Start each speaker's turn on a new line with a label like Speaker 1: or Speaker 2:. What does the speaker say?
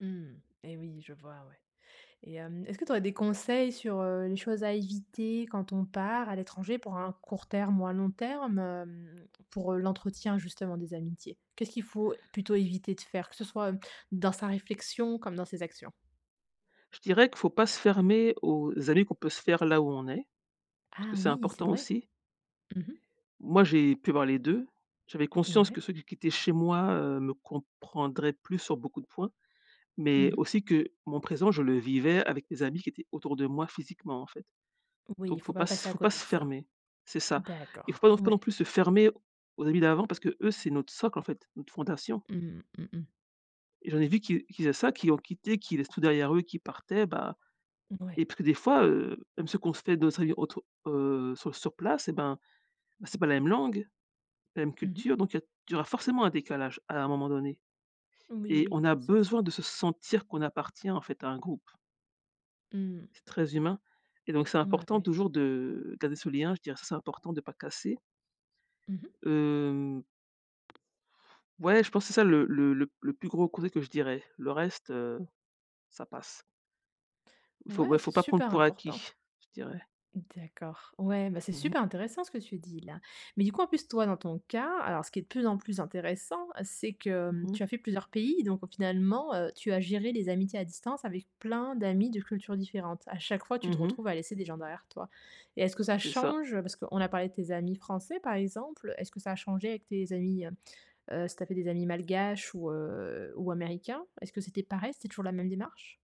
Speaker 1: Mmh et oui, je vois, ouais et hem, est-ce que tu aurais des conseils sur, heu, les choses à éviter quand on part à l'étranger pour un court terme ou un long terme? Hem, pour, heu, l'entretien, justement, des amitiés. Qu'est-ce qu'il faut plutôt éviter de faire? Que ce soit, hem, dans sa réflexion, comme dans ses actions.
Speaker 2: Je dirais que faut pas se fermer aux amis qu'on peut se faire là où on est, parce que
Speaker 1: Ah
Speaker 2: c'est
Speaker 1: oui, c'est
Speaker 2: important,
Speaker 1: vrai.
Speaker 2: aussi.
Speaker 1: Mmh mh.
Speaker 2: Moi, j'ai pu avoir les 2. J'avais conscience que
Speaker 1: Mouais.
Speaker 2: ceux qui qui étaient chez moi, heu, me comprendraient plus sur beaucoup de points.
Speaker 1: Mmh
Speaker 2: Mais
Speaker 1: mh.
Speaker 2: aussi, que mon présent, je le vivais avec mes amis qui étaient autour de moi, physiquement, en fait.
Speaker 1: Oui, il
Speaker 2: Donc,
Speaker 1: faut
Speaker 2: faut pas
Speaker 1: pas
Speaker 2: s
Speaker 1: passer à
Speaker 2: faut pas
Speaker 1: côté
Speaker 2: se
Speaker 1: de ça.
Speaker 2: fermer, c'est ça. Il faut
Speaker 1: D'accord,
Speaker 2: pas faut pas non
Speaker 1: ouais.
Speaker 2: plus se fermer aux amis d'avant, parce qu'eux, c'est notre socle, en fait, une fondation.
Speaker 1: Mmh. Mmh mh.
Speaker 2: Et j'en ai vu qui qui faisaient ça, qui ont quitté, qui laissent tout derrière eux, qui partaient, bah et
Speaker 1: Ouais.
Speaker 2: puis des fois, heu, même ceux qu'on se fait d'autres amis autour, heu, sur sur place, eh ben, bah, c'est pas la même langue, la même
Speaker 1: Mmh mh.
Speaker 2: culture donc il y a d il y aura forcément un décalage, à un moment donné.
Speaker 1: Oui,
Speaker 2: Et
Speaker 1: oui,
Speaker 2: on a
Speaker 1: bien sûr.
Speaker 2: besoin de se sentir qu'on appartient, en fait, à un groupe.
Speaker 1: Mmh.
Speaker 2: C'est très humain et donc c'est
Speaker 1: Mouais,
Speaker 2: important,
Speaker 1: ouais.
Speaker 2: toujours, de garder ce lien, je dirais, ça, c'est important de pas casser.
Speaker 1: Mmh mh.
Speaker 2: Hem, ouais, je pense que c'est ça le le le p le plus gros côté que je dirais. Le reste, heu, ça passe. Il faut,
Speaker 1: Ouais,
Speaker 2: ouais,
Speaker 1: c'est
Speaker 2: faut pas prendre
Speaker 1: super
Speaker 2: pour acquis,
Speaker 1: important!
Speaker 2: je dirais.
Speaker 1: D'accord. Ouais, bah c'est
Speaker 2: Mmh mh.
Speaker 1: super intéressant ce que tu dis, là. Mais du coup, en plus, toi, dans ton cas, alors ce qui est de plus en plus intéressant c'est que, hem,
Speaker 2: Mmh
Speaker 1: tu
Speaker 2: mh.
Speaker 1: as fait plusieurs pays, donc au finalement, heu, tu as géré les amitiés à distance avec plein d'amis de cultures différentes. À chaque fois, tu te
Speaker 2: Mmh mh.
Speaker 1: retrouves à laisser des gens derrière toi et est-ce que ça
Speaker 2: C'est ça.
Speaker 1: change? Parce qu'on a parlé de tes amis français, par exemple, est-ce que ça a changé avec tes amis, hem, heu, si tu avais des amis malgaches ou, heu, ou américains, est-ce que c'était pareil? C'était toujours la même démarche?